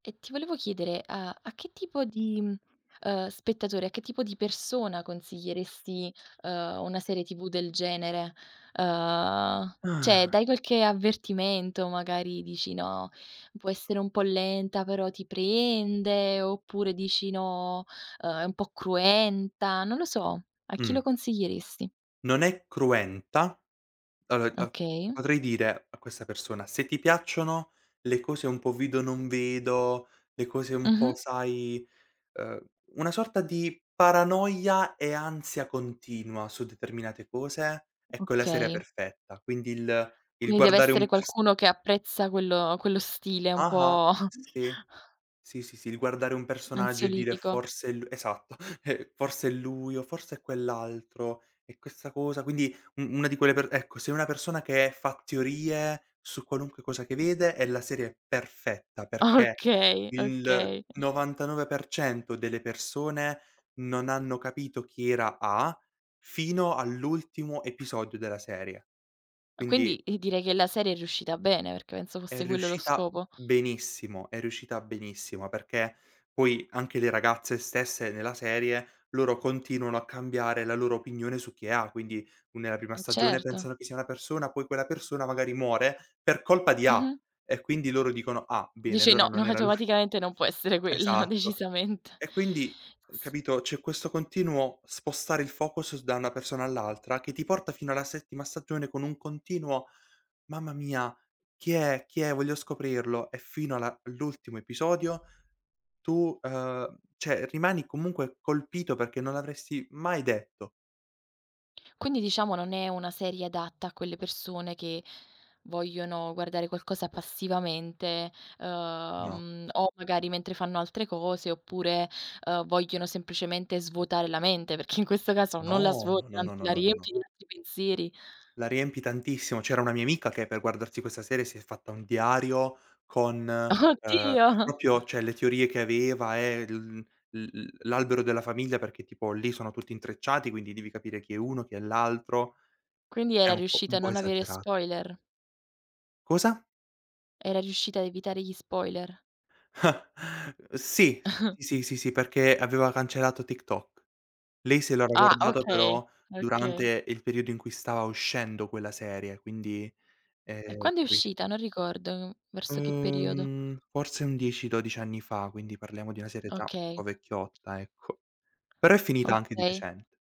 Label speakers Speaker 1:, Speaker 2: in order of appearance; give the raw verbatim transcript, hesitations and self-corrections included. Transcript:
Speaker 1: E ti volevo chiedere, uhm, a che tipo di, uhm, spettatore, a che tipo di persona consiglieresti, uhm, una serie TV del genere? Uhm, ceh,
Speaker 2: Ah.
Speaker 1: dai qualche avvertimento, magari dici: "No, può essere un po' lenta però ti prende"; oppure dici: "No, uhm, è un po' cruenta". Non lo so, a chi
Speaker 2: Mh.
Speaker 1: lo consiglieresti?
Speaker 2: Non è cruenta. [unintelligible]
Speaker 1: Okay.
Speaker 2: Potrei dire, a questa persona: "Se ti piacciono le cose un po' vedo non vedo, le cose un
Speaker 1: Mh-mh.
Speaker 2: po' sai, uhm, una sorta di paranoia e ansia continua, su determinate cose, ecco è la serie
Speaker 1: Okay.
Speaker 2: perfetta". Quindi il il
Speaker 1: Quindi deve
Speaker 2: guardare
Speaker 1: essere
Speaker 2: un pers
Speaker 1: qualcuno che apprezza quello quello stile un
Speaker 2: Ah-ah.
Speaker 1: po'
Speaker 2: Sì. Sì, sì, sì, il guardare un personaggio e dire
Speaker 1: ansiolitico.
Speaker 2: forse è lu esatto, forse è lui, o forse è quell'altro, è questa cosa, quindi u una di quelle per ecco, se è una persona che fa teorie, su qualunque cosa che vede, è la serie perfetta, perché
Speaker 1: Okay.
Speaker 2: il
Speaker 1: Okay.
Speaker 2: novantanove per cento delle persone, non hanno capito chi era A fino all'ultimo episodio della serie.
Speaker 1: Ah quindi,
Speaker 2: Quindi
Speaker 1: i direi che la serie è riuscita bene, perché penso
Speaker 2: è
Speaker 1: fosse quello lo
Speaker 2: riuscita
Speaker 1: scopo.
Speaker 2: benissimo, è riuscita benissimo, perché poi anche le ragazze stesse, nella serie, loro continuano a cambiare la loro opinione su chi è A. Quindi u nella prima
Speaker 1: E
Speaker 2: stagione
Speaker 1: certo.
Speaker 2: pensano che sia una persona, poi quella persona magari muore, per colpa di A.
Speaker 1: Mh-mh.
Speaker 2: E quindi loro dicono: "Ah, bene,
Speaker 1: Dice:
Speaker 2: allora
Speaker 1: "No! No
Speaker 2: non era lui."
Speaker 1: automaticamente non può essere quello,
Speaker 2: Esatto.
Speaker 1: decisamente".
Speaker 2: E quindi, uhm,
Speaker 1: S
Speaker 2: capito? C'è questo continuo spostare il focus s da una persona all'altra, che ti porta fino alla settima stagione con un continuo: "Mamma mia, chi è, chi è, voglio scoprirlo!" E fino alla l'ultimo episodio, tu uhm, ceh rimani comunque colpito perché non l'avresti mai detto.
Speaker 1: Quindi diciamo non è una serie adatta a quelle persone che, vogliono guardare qualcosa passivamente, ehm,
Speaker 2: No.
Speaker 1: uhm, o magari mentre fanno altre cose oppure, uhm, vogliono semplicemente svuotare la mente, perché in questo caso non la
Speaker 2: No! No,
Speaker 1: svuoti,
Speaker 2: no,
Speaker 1: anzi
Speaker 2: no, no,
Speaker 1: la
Speaker 2: no, no.
Speaker 1: riempi di altri pensieri.
Speaker 2: La riempi tantissimo, c'era una mia amica che per guardarsi questa serie, si è fatta un diario con, ehm,
Speaker 1: Oddio!
Speaker 2: propio cioè le teorie che aveva e l l l l'albero della famiglia, perché tipo lì sono tutti intrecciati, quindi devi capire chi è uno, chi è l'altro.
Speaker 1: Quindi
Speaker 2: È
Speaker 1: era
Speaker 2: un po' un
Speaker 1: riuscita a
Speaker 2: po'
Speaker 1: non avere
Speaker 2: esagerato.
Speaker 1: spoiler?
Speaker 2: Cosa?
Speaker 1: Era riuscita a evitare gli spoiler?
Speaker 2: Ah, sì. Sì, sì, sì, sì, perché aveva cancellato TikTok. Lei se lo era
Speaker 1: Ah.
Speaker 2: guardato però,
Speaker 1: Okay. Okay.
Speaker 2: durante il periodo in cui stava uscendo quella serie, quindi,
Speaker 1: E
Speaker 2: ehm,
Speaker 1: quando è
Speaker 2: capisci
Speaker 1: uscita? Non ricordo. Verso che periodo?
Speaker 2: Uhm, forse un dieci dodici anni fa, quindi parliamo di una serie già un
Speaker 1: Okay.
Speaker 2: po' vecchiotta, ecco. Però è finita anche di
Speaker 1: Okay.
Speaker 2: recente.